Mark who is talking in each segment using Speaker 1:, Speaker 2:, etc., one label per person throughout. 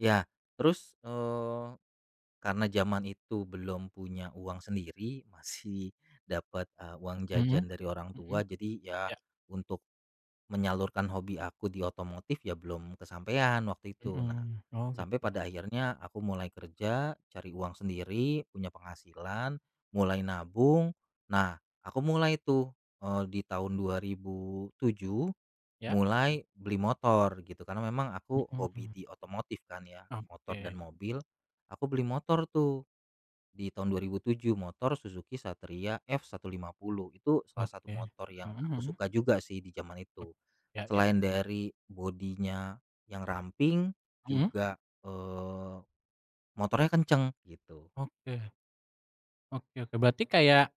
Speaker 1: Ya, terus, eee, karena zaman itu belum punya uang sendiri, masih dapet, eee, uang
Speaker 2: Mhm
Speaker 1: jajan dari orang tua,
Speaker 2: mhm,
Speaker 1: jadi ya
Speaker 2: ya.
Speaker 1: untuk menyalurkan hobi aku di otomotif ya belum kesampaian waktu itu. Nah,
Speaker 2: Mhm, oh
Speaker 1: sampai
Speaker 2: gitu.
Speaker 1: pada akhirnya aku mulai kerja, cari uang sendiri, punya penghasilan, mulai nabung, nah aku mulai tuh, eee, di tahun 2007
Speaker 2: Ya.
Speaker 1: mulai beli motor gitu, karena memang aku hobi
Speaker 2: Mhm.
Speaker 1: di otomotif kan ya, motor dan
Speaker 2: Oke.
Speaker 1: mobil, aku beli motor tuh di tahun 2007, motor Suzuki Satria F150. Itu salah satu
Speaker 2: Oke,
Speaker 1: motor yang
Speaker 2: mhm
Speaker 1: aku
Speaker 2: mhm.
Speaker 1: suka juga sih di zaman
Speaker 2: Ok
Speaker 1: itu.
Speaker 2: ya ya.
Speaker 1: Selain dari body-nya yang ramping,
Speaker 2: Mhm?
Speaker 1: juga, eee, motornya kenceng gitu.
Speaker 2: Oke, oke oke. Berarti kayak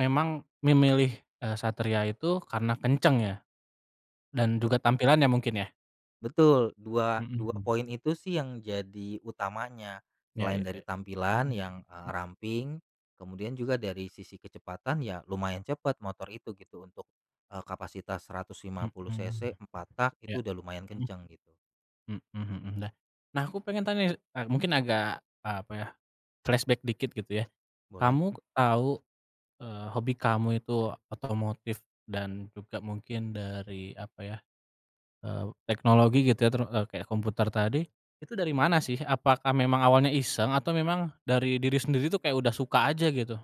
Speaker 2: memang memilih, eee, "Satria" itu karena kenceng ya? Dan
Speaker 1: Bet
Speaker 2: juga tampilannya mungkin ya?
Speaker 1: Betul dua
Speaker 2: Mhm
Speaker 1: dua
Speaker 2: mhm.
Speaker 1: poin itu sih yang jadi utamanya
Speaker 2: Ya
Speaker 1: selain
Speaker 2: ya
Speaker 1: dari tampilan
Speaker 2: mhm,
Speaker 1: yang, eee,
Speaker 2: mhm
Speaker 1: ramping, kemudian juga dari sisi kecepatan, ya lumayan cepet, motor itu gitu untuk, eee, kapasitas seratus lima puluh
Speaker 2: Mhm,
Speaker 1: cc empat tak,
Speaker 2: ya,
Speaker 1: itu udah lumayan kenceng gitu.
Speaker 2: mhm, mhm mhm, dah. Nah aku pengen tanya nih, e mungkin agak, e apa ya, flashback dikit gitu ya.
Speaker 1: Boleh.
Speaker 2: Kamu tau, eee, hobi kamu itu otomotif dan juga mungkin dari, apa ya, eee, teknologi gitu ya, teru eee, kayak komputer tadi, itu dari mana sih? Apakah memang awalnya iseng, atau memang dari diri sendiri tuh kayak udah suka aja gitu?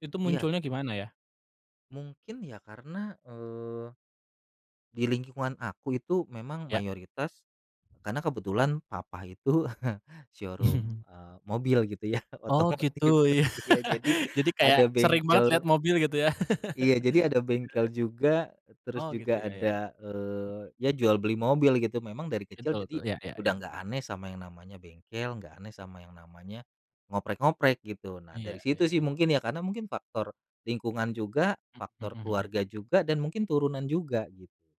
Speaker 2: Itu
Speaker 1: Iya,
Speaker 2: munculnya
Speaker 1: e
Speaker 2: gimana ya?
Speaker 1: Mungkin ya karena, eee, di lingkungan aku itu memang
Speaker 2: Ya.
Speaker 1: mayoritas karena kebetulan papa itu showroom,
Speaker 2: Mhm
Speaker 1: eee, mobil gitu ya,
Speaker 2: Oh gitu,
Speaker 1: otomotif,
Speaker 2: ya,
Speaker 1: iya jadi,
Speaker 2: jadi kayak
Speaker 1: ada
Speaker 2: sering banget
Speaker 1: bengkel
Speaker 2: liat mobil gitu ya?
Speaker 1: iya jadi ada
Speaker 2: Iya,
Speaker 1: bengkel
Speaker 2: ya.
Speaker 1: juga. Terus
Speaker 2: Oh gitu
Speaker 1: juga
Speaker 2: ya ya ya.
Speaker 1: ada,
Speaker 2: Mhm.
Speaker 1: eee, ya jual beli mobil gitu, memang dari kecil
Speaker 2: Betul betul,
Speaker 1: jadi
Speaker 2: ya ya
Speaker 1: udah
Speaker 2: ya.
Speaker 1: nggak aneh sama yang namanya bengkel, nggak aneh sama yang namanya ngoprek-ngoprek gitu. Nah
Speaker 2: Iya
Speaker 1: dari situ sih
Speaker 2: iya.
Speaker 1: mungkin ya, karena mungkin faktor lingkungan juga,
Speaker 2: Mhm
Speaker 1: faktor
Speaker 2: mhm.
Speaker 1: keluarga juga dan mungkin turunan juga, gitu.